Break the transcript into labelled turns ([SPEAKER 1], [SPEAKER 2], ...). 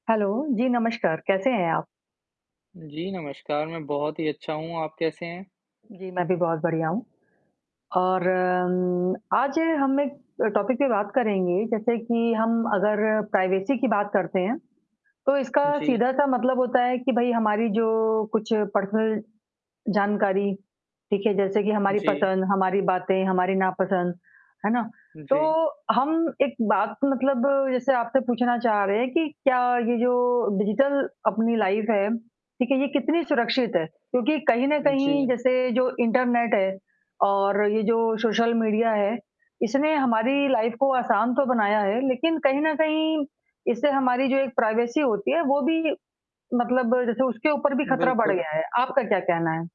[SPEAKER 1] Hello, जी नमस्कार, कैसे हैं आप?
[SPEAKER 2] जी नमस्कार, मैं बहुत ही अच्छा हूँ, आप कैसे हैं?
[SPEAKER 1] जी, मैं भी बहुत बढ़िया हूँ। और अम्म, आज हम एक अ, टॉपिक पे बात करेंगे, जैसे कि हम अगर प्राइवेसी की बात करते हैं, तो इसका
[SPEAKER 2] जी।
[SPEAKER 1] सीधा-सा मतलब होता है कि भई हमारी जो कुछ पर्सनल जानकारी, ठीक है, जैसे कि हमारी
[SPEAKER 2] जी।
[SPEAKER 1] पसंद, हमारी बातें, हमारी नापसंद, है ना? तो
[SPEAKER 2] जी।
[SPEAKER 1] हम एक बात मतलब जैसे आपसे पूछना चाह रहे हैं कि क्या ये जो डिजिटल अपनी लाइफ़ है, ठीक है, ये कितनी सुरक्षित है? क्योंकि कहीं न कहीं
[SPEAKER 2] जी।
[SPEAKER 1] जैसे जो इंटरनेट है और ये जो सोशल मीडिया है, इसने हमारी लाइफ़ को आसान तो बनाया है लेकिन कहीं न कहीं, इससे हमारी जो एक प्राइवेसी होती है वो भी मतलब जैसे उसके ऊपर भी खतरा बढ़
[SPEAKER 2] बिल्कुल।
[SPEAKER 1] गया है। आपका क्या कहना है?